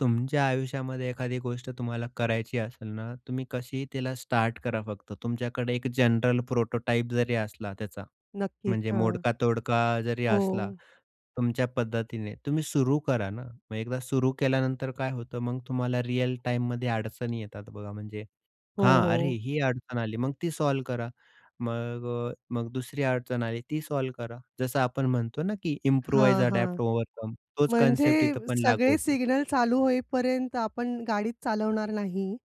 तुमच्या आयुष्यामध्ये एखादी गोष्ट तुम्हाला करायची असेल ना, तुम्ही कशीही तिला स्टार्ट करा. फक्त तुमच्याकडे एक जनरल प्रोटोटाइप जरी असला त्याचा, नक्कीच, म्हणजे हां. मोडका-तोडका जरी असला, हो. तुमच्या पद्धतीने तुम्ही सुरू करा ना. मग एकदा सुरू केल्यानंतर काय होतं, मग तुम्हाला रिअल टाईममध्ये अडचणी येतात. बघा म्हणजे हो, हां, अरे हो. ही अडचण आली, मग ती सॉल्व्ह करा. मग अ, मग दुसरी अडचण आली, ती सॉल्व्ह करा. जसं आपण म्हणतो ना, की इम्प्रूवाइज हां, हां. अडॅप्ट ओव्हरकम तोच म्हणजे कन्सेप्ट इथे पण लागू सगळे होतो. सिग्नल चालू होईपर्यंत आपण गाडीच चालवणार नाही.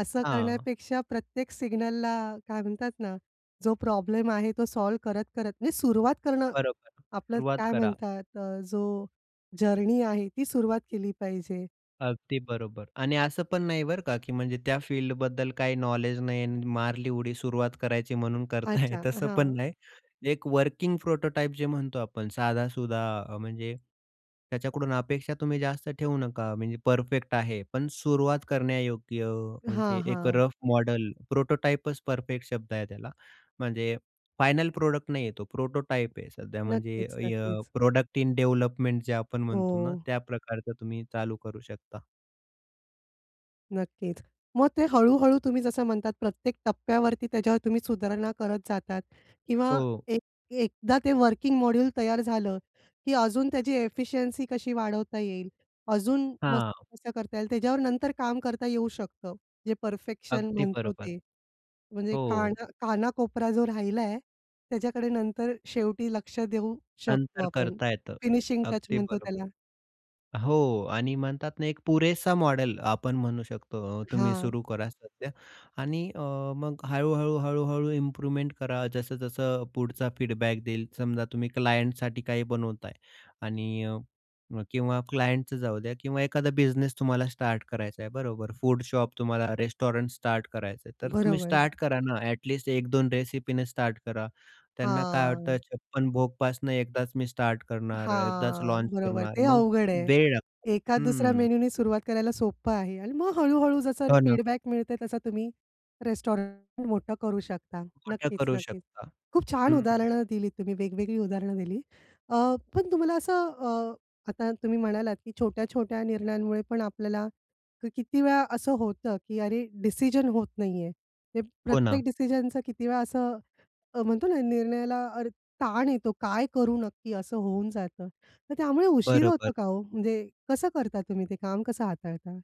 असं हां. करण्यापेक्षा प्रत्येक सिग्नलला काय म्हणतात ना, जो प्रॉब्लेम आहे, तो सॉल्व्ह करत-करत, म्हणजे सुरुवात करणं. बरोबर, आपलं सुरुवात काय करा. म्हणतात अ, जो जर्नी आहे, ती सुरुवात केली पाहिजे. अगदी बरोबर आणि असं पण नाही बरं का, की म्हणजे त्या फील्डबद्दल काही नॉलेज नाही आणि मारली उडी, सुरुवात करायची म्हणून करताय अच्छा, तसं पण हां. नाही. एक वर्किंग प्रोटोटाइप जे म्हणतो आपण, साधा-सुधा अ, म्हणजे त्याच्याकडून अपेक्षा तुम्ही जास्त ठेवू नका. म्हणजे परफेक्ट आहे, पण सुरुवात करण्यायोग्य. हां, म्हणजे एक हां. Rough model. प्रोटोटाइपच परफेक्ट शब्द आहे त्याला. म्हणजे फायनल प्रॉडक्ट नाहीये. तो प्रोटोटाइप आहे. सध्या म्हणजे नक्कीच, अ, नक्कीच. प्रॉडक्ट इन डेव्हलपमेंट जे आपण म्हणतो ना, हो. त्या प्रकारचं तुम्ही चालू करू शकता. नक्कीच, मग ते हळू-हळू तुम्ही जसं म्हणतात, प्रत्येक टप्प्यावरती त्याच्यावर तुम्ही सुधारणा करत जातात किंवा हो. एक एकदा ते वर्किंग मॉड्यूल तयार झालं, की अजून त्याची एफिशियन्सी कशी वाढवता येईल, अजून मस्त हां. कसं करता येईल, त्याच्यावर नंतर काम करता येऊ शकतं, जे परफेक्शन अगदी म्हणतो बरोबर. ते. म्हणजे हो. काना काना-कोपरा जो राहिला, त्याच्याकडे नंतर शेवटी लक्ष देऊ शकतो नंतर आपण. करता येतं. फिनिशिंग टच अगदी म्हणतो बरोबर. त्याला. हो आणि म्हणतात ना, एक पुरेसा मॉडेल आपण म्हणू शकतो. तुम्ही हां. सुरू करा सध्या आणि अ, मग हळू-हळू, हळू-हळू इम्प्रुव्हमेंट करा. जसं-जसं पुढचा फीडबॅक देईल. समजा, तुम्ही क्लायंटसाठी काही बनवताय आणि अ, किंवा क्लायंटच जाऊ द्या किंवा एखादा बिझनेस तुम्हाला स्टार्ट करायचं आहे, बरोबर. फूड शॉप, तुम्हाला रेस्टॉरंट स्टार्ट करायचं आहे, तर तुम्ही बरोबर. स्टार्ट करा ना. अ‍ॅट लिस्ट 1-2 रेसिपीने स्टार्ट करा. त्यांना काय हां. वाटतं, छप्पन भोगपासनं एकदाच मी स्टार्ट करणार, एकदाच हां, लॉन्च बरोबर. करणार, ते मग अवघड आहे. वेळ लागतो एका-दुसऱ्या हं. मेनूनी सुरुवात करायला सोपं आहे आणि मग हळू-हळू जसं हो ना. फीडबॅक मिळते, तसा तुम्ही रेस्टॉरंट मोठं करू शकता. मोठ्या करू नक्कीच-नक्कीच, शकता खूप छान हं. उदाहरणं दिलीत तुम्ही. वेगवेगळी उदाहरणं दिलीत. अ, पण तुम्हाला असं अ, आता तुम्ही म्हणालात, की छोट्या-छोट्या निर्णयांमुळे पण आपल्याला किती वेळा असं होतं, की अरे, डिसिजन होत नाहीये. ते हो प्रत्येक ना. डिसिजनचा किती वेळा असं अ, म्हणतो ना, निर्णयाला अरे, ताण येतो. काय करू नक्की, असं होऊन जातं. तर त्यामुळे उशीर बरोबर. होतो का हो? म्हणजे कसं करता तुम्ही ते काम, कसं हाताळता?